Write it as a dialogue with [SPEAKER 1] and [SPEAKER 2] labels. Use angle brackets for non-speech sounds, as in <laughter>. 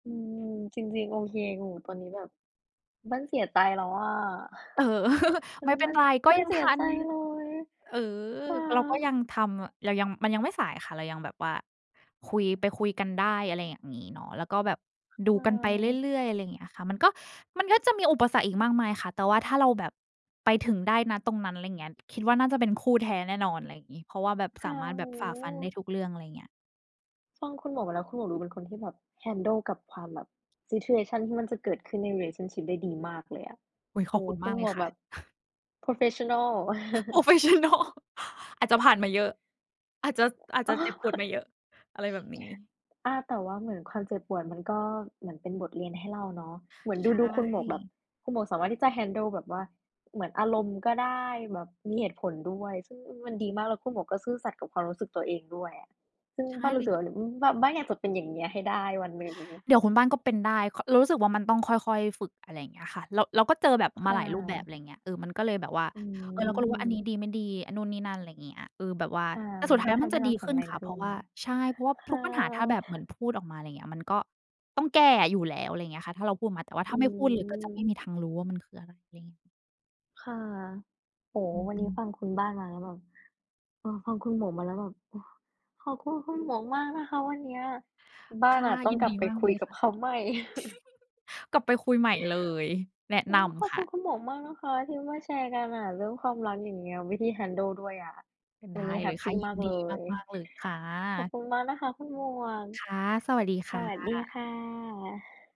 [SPEAKER 1] อืม จริง ๆ โอเค หนูตอนนี้แบบมันเสียใจแล้วอะ
[SPEAKER 2] เออ <chuckles>
[SPEAKER 1] <sighs> ตอน
[SPEAKER 2] ไม
[SPEAKER 1] น
[SPEAKER 2] ่
[SPEAKER 1] ี้
[SPEAKER 2] เป็
[SPEAKER 1] ม
[SPEAKER 2] น
[SPEAKER 1] ัน
[SPEAKER 2] ไร ก็
[SPEAKER 1] มัน
[SPEAKER 2] ยัง
[SPEAKER 1] เสี
[SPEAKER 2] ท
[SPEAKER 1] ย
[SPEAKER 2] ั
[SPEAKER 1] ใ
[SPEAKER 2] น
[SPEAKER 1] จเลย
[SPEAKER 2] เออ
[SPEAKER 1] ค่ะ
[SPEAKER 2] เราก็ยังทำ เรายัง มันยังไม่สายค่ะ เรายังแบบว่าคุย ไปคุยกันได้ อะไรอย่างงี้เนาะ แล้วก็แบบดู
[SPEAKER 1] ค่ะ
[SPEAKER 2] กันไปเรื่อย ๆ อะไรเงี้ยค่ะ มันก็ มันก็จะมีอุปสรรคอีกมากมายค่ะ แต่ว่าถ้าเราแบบไปถึงได้ ณ ตรงนั้น ไรเงี้ย คิดว่าน่าจะเป็นคู่แท้แน่นอน ไรงี้ เพราะว่าแบบ
[SPEAKER 1] ฮ
[SPEAKER 2] สา
[SPEAKER 1] ะ
[SPEAKER 2] มารถแ
[SPEAKER 1] โ
[SPEAKER 2] บ
[SPEAKER 1] อ
[SPEAKER 2] บ
[SPEAKER 1] ้
[SPEAKER 2] ฝ่าฟันได้ทุกเรื่อง อะไรเงี้ย
[SPEAKER 1] ฟังคุณหมวกมาแล้ว คุณหมวกดูเป็นคนที่แบบ handle กับความแบบ situation ที่มันจะเกิดขึ้นใน relationship ได้ดีมากเลยอะ
[SPEAKER 2] อุ๊ย
[SPEAKER 1] โ
[SPEAKER 2] ข
[SPEAKER 1] อ้
[SPEAKER 2] อบ
[SPEAKER 1] โฮ
[SPEAKER 2] คุณ
[SPEAKER 1] ค
[SPEAKER 2] ม
[SPEAKER 1] ุ
[SPEAKER 2] า
[SPEAKER 1] ณ
[SPEAKER 2] กเ
[SPEAKER 1] ห
[SPEAKER 2] ล
[SPEAKER 1] ม
[SPEAKER 2] ย
[SPEAKER 1] วก
[SPEAKER 2] ค่
[SPEAKER 1] แบ
[SPEAKER 2] ะ
[SPEAKER 1] บ
[SPEAKER 2] <chuckles>
[SPEAKER 1] โพรเฟสชันนัล
[SPEAKER 2] โพรเ
[SPEAKER 1] <chuckles>
[SPEAKER 2] ฟสชันนัล <chuckles> อาจจะผ่านมาเยอะ อาจจะ ส อาจ
[SPEAKER 1] อ
[SPEAKER 2] จะ
[SPEAKER 1] ๋อ
[SPEAKER 2] เจ็บปวดมาเยอะ อะไรแบบนี้
[SPEAKER 1] <chuckles> อา แต่ว่าเหมือนความเจ็บปวดมันก็เหมือนเป็นบทเรียนให้เราเนาะ เหมือน
[SPEAKER 2] ใช
[SPEAKER 1] ดู ๆ คุณหมวกแบบ
[SPEAKER 2] ่
[SPEAKER 1] คุณหมวกสามารถที่จะ handle แบบว่า เหมือนอารมณ์ก็ได้ แบบมีเหตุผลด้วย ซึ่ง อือ มันดีมาก แล้วคุณหมวกก็ซื่อสัตย์กับความรู้สึกตัวเองด้วยอะ ซึ่ง
[SPEAKER 2] ใช่
[SPEAKER 1] บ้านร
[SPEAKER 2] เ
[SPEAKER 1] ู
[SPEAKER 2] ล
[SPEAKER 1] ้สึ
[SPEAKER 2] ย
[SPEAKER 1] กว่า ด อืม บ้าน บ้านอยากจะเป็นอย่างเงี้ย ให้ได้วันหนึ่ง
[SPEAKER 2] เดี๋ยวคุณบ้านก็เป็นได้ ค เรารู้สึกว่ามันต้องค่อย ๆ ฝึก อะไรเงี้ยค่ะ เรา เราก็เจอแบบ
[SPEAKER 1] ค
[SPEAKER 2] มา
[SPEAKER 1] ่
[SPEAKER 2] หลายรูปแบบ อะ
[SPEAKER 1] ะ
[SPEAKER 2] ไรเงี้ย เออ มันก็เลยแบบว่า
[SPEAKER 1] อื
[SPEAKER 2] เออ เราก็รู้ว่าอันนี้
[SPEAKER 1] ม
[SPEAKER 2] ดี ไม่ดี อันนู่นนี่นั่น ไรเงี้ย เออ แบบว่า
[SPEAKER 1] ค่ะ
[SPEAKER 2] แต่ส
[SPEAKER 1] ม
[SPEAKER 2] ุ
[SPEAKER 1] ั
[SPEAKER 2] ด
[SPEAKER 1] น
[SPEAKER 2] ท้า
[SPEAKER 1] ก
[SPEAKER 2] ย
[SPEAKER 1] ็
[SPEAKER 2] แล้
[SPEAKER 1] ท
[SPEAKER 2] วมั
[SPEAKER 1] ำ
[SPEAKER 2] น
[SPEAKER 1] ให้
[SPEAKER 2] จะ
[SPEAKER 1] เร
[SPEAKER 2] ดี
[SPEAKER 1] าแข็
[SPEAKER 2] ข
[SPEAKER 1] ง
[SPEAKER 2] ึ้
[SPEAKER 1] แ
[SPEAKER 2] น
[SPEAKER 1] รง
[SPEAKER 2] ค่ะ
[SPEAKER 1] ข
[SPEAKER 2] เพ
[SPEAKER 1] ึ้
[SPEAKER 2] ราะ
[SPEAKER 1] น
[SPEAKER 2] ว่า ใช่ เพราะว่า
[SPEAKER 1] ค
[SPEAKER 2] ทุ
[SPEAKER 1] า
[SPEAKER 2] กปัญหาถ้
[SPEAKER 1] ว
[SPEAKER 2] าแบบเหมือ
[SPEAKER 1] <sighs>
[SPEAKER 2] นพูดออกมา ไรเงี้ย มันก็ต้องแก้อยู่แล้ว อะไรเงี้ยค่ะ ถ้าเราพูดมา แต่ว่า
[SPEAKER 1] อ
[SPEAKER 2] ถ้
[SPEAKER 1] ื
[SPEAKER 2] าไม่พูดเลยก็จะไม
[SPEAKER 1] อ
[SPEAKER 2] ่มีทางรู้ว่ามันคืออะไร ไรเงี้ย
[SPEAKER 1] ค่ะ โอ้โ
[SPEAKER 2] อ
[SPEAKER 1] ฮ
[SPEAKER 2] ื
[SPEAKER 1] วันนี้
[SPEAKER 2] ม
[SPEAKER 1] ฟ
[SPEAKER 2] ๆ
[SPEAKER 1] ังคุณบ้านมาแล้วแบบ เออ ฟังคุณหมวกมาแล้วแบบ โอ้ ขอบคุณคุณหมวกมากนะคะ วันเนี้ยบ้
[SPEAKER 2] ค
[SPEAKER 1] าน
[SPEAKER 2] ่ะ
[SPEAKER 1] อะต้อ
[SPEAKER 2] ย
[SPEAKER 1] ง
[SPEAKER 2] ิน
[SPEAKER 1] กลั
[SPEAKER 2] ดี
[SPEAKER 1] บไป
[SPEAKER 2] มาก
[SPEAKER 1] คุ
[SPEAKER 2] เล
[SPEAKER 1] ย
[SPEAKER 2] ย
[SPEAKER 1] กั
[SPEAKER 2] ค
[SPEAKER 1] บ
[SPEAKER 2] ่ะ
[SPEAKER 1] เขาใหม่ <chuckles>
[SPEAKER 2] <chuckles> กลับไปคุยใหม่เลย
[SPEAKER 1] <inhales>
[SPEAKER 2] แนะ
[SPEAKER 1] อื
[SPEAKER 2] น
[SPEAKER 1] ม ขอบ
[SPEAKER 2] ำค
[SPEAKER 1] ค
[SPEAKER 2] ่
[SPEAKER 1] ุ
[SPEAKER 2] ะ
[SPEAKER 1] ณคุณหมวกมากนะคะที่มาแชร์กันอะ เรื่องความรักอย่างเงี้ย วิธี handle ด้วยอะ
[SPEAKER 2] ไ
[SPEAKER 1] ว
[SPEAKER 2] ด
[SPEAKER 1] ั
[SPEAKER 2] ้
[SPEAKER 1] นนี้แ
[SPEAKER 2] เ
[SPEAKER 1] ฮ
[SPEAKER 2] ลย
[SPEAKER 1] ปป
[SPEAKER 2] ค่ะ
[SPEAKER 1] ี
[SPEAKER 2] ย
[SPEAKER 1] ม
[SPEAKER 2] ิ
[SPEAKER 1] า
[SPEAKER 2] น
[SPEAKER 1] ก
[SPEAKER 2] ด
[SPEAKER 1] เ
[SPEAKER 2] ี
[SPEAKER 1] ลย
[SPEAKER 2] มาก ๆ เลยค่
[SPEAKER 1] ขอบ
[SPEAKER 2] ะ
[SPEAKER 1] คุณมากนะคะคุณหมวก
[SPEAKER 2] ค่ะ สวัสดี ค
[SPEAKER 1] ส
[SPEAKER 2] ่
[SPEAKER 1] วัสดี
[SPEAKER 2] ะ
[SPEAKER 1] ค่ะ <exhales>